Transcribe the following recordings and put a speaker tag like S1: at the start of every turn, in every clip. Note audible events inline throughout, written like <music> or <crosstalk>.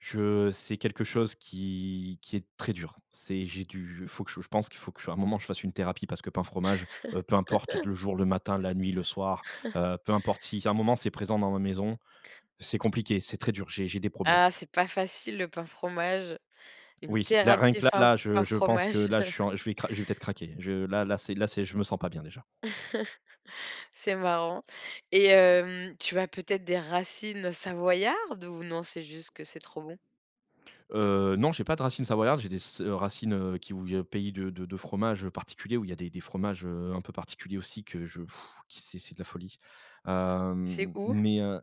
S1: Je c'est quelque chose qui qui est très dur. C'est j'ai du il faut que je je pense qu'il faut qu'à un moment, je fasse une thérapie. Parce que pain, fromage, heu, peu importe
S2: <laughs>
S1: le jour, le matin, la nuit, le soir,
S2: <chuckles>
S1: heu, peu importe, si à un moment c'est présent dans ma maison, c'est compliqué, c'est très dur, j'ai j'ai des problèmes.
S2: Ah, c'est pas facile, le pain fromage, une
S1: Oui, là, rien
S2: thérapie,
S1: que là,
S2: fin
S1: là, je
S2: pain
S1: je pense que
S2: fromage.
S1: là, je suis
S2: <laughs>
S1: en je vais cra je vais peut-être craquer. Je là là, c'est là c'est je me sens pas bien déjà.
S2: <chuckles> C'est marrant, et hem, tu as peut-être des racines savoyardes? Ou non, c'est juste que c'est trop bon?
S1: Heu, non, j'ai pas de racines savoyardes, j'ai des s racines, heu, qui v viennent de pays de de de fromage particulier où il y a des des fromages, heu, un peu particuliers aussi que je <blows air> qui c'est c'est de la folie. Heu,
S2: C'est
S1: m m
S2: où?
S1: mais heu,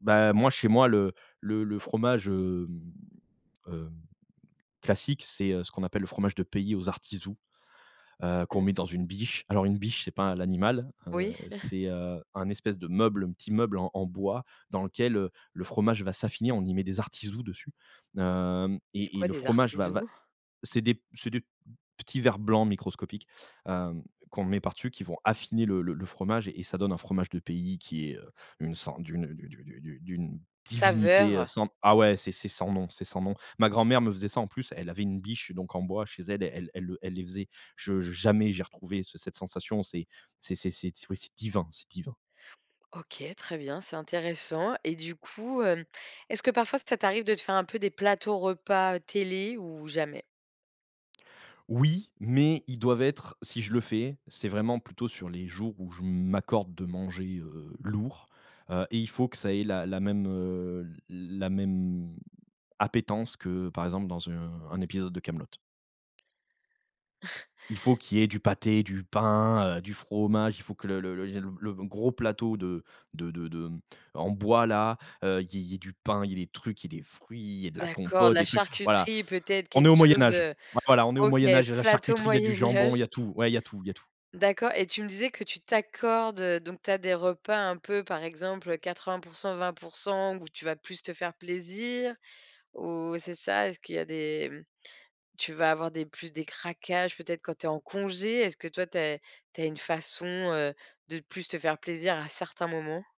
S1: bah, moi chez moi le le le fromage, hem hem, classique c'est, heu, ce qu'on appelle le fromage de pays aux Artisous, heu, qu'on
S2: Mmh.
S1: met dans une biche. Alors une biche, c'est pas l'animal, heu,
S2: Oui. <chuckles>
S1: c'est, heu, un espèce de meuble, un petit meuble en en bois dans lequel, heu, le fromage va s'affiner, on y met des artisous dessus, hem,
S2: C'est
S1: et et
S2: quoi,
S1: le
S2: des
S1: fromage va va
S2: artisous?
S1: c'est des p c'est des petits verres blancs microscopiques, heu, qu'on met par dessus, qui vont affiner le le le fromage et ça donne un fromage de pays qui est, heu, une so d'une, heu, d'u d'u d'u d'une divinité, heu,
S2: Saveur.
S1: sans ah ouais, c'est c'est sans nom c'est sans nom. Ma grand-mère me faisait ça en plus, elle avait une biche donc en bois chez elle, elle elle le elle les faisait, je jamais j'ai retrouvé ce cette sensation, c'est c'est c'est c'est ouais c'est divin, c'est divin.
S2: OK, très bien, c'est intéressant, et du coup, hem, est-ce que parfois, ça t'arrive de te faire un peu des plateaux repas télé, ou jamais?
S1: Oui, mais ils doivent être si je le fais, c'est vraiment plutôt sur les jours où je m'accorde de manger, heu, lourd, heu, et il faut que ça ait la la même, heu, l la même appétence que, par exemple, dans un un épisode de Kaamelott.
S2: <chuckles>
S1: Il faut qu'il y ait du pâté, du pain, heu, du fromage. Il faut que le le le il y ait le le gros plateau de de de de en bois là, heu, il y ait il y ait du pain, il y ait des trucs, il y ait des fruits, il y ait de la
S2: D'accord, de
S1: compote,
S2: la
S1: des trucs, voilà.
S2: charcuterie, peut-être
S1: On
S2: quelque
S1: est au
S2: chose,
S1: Moyen-Âge,
S2: heu,
S1: voilà. On est au
S2: OK,
S1: Moyen-Âge, il y a de la
S2: plateau
S1: charcuterie, il y a du jambon, il
S2: Moyen-Âge.
S1: y a tout, ouais, il y a tout, il y a tout.
S2: D'accord, et tu me disais que tu t'accordes donc tu as des repas un peu, par exemple, 80 % 20% où tu vas plus te faire plaisir, ou c'est ça, est-ce qu'il y a des tu vas avoir des plus des craquages, peut-être, quand tu es en congé? Est-ce que toi, tu as tu as une façon, heu, de plus te faire plaisir à certains moments?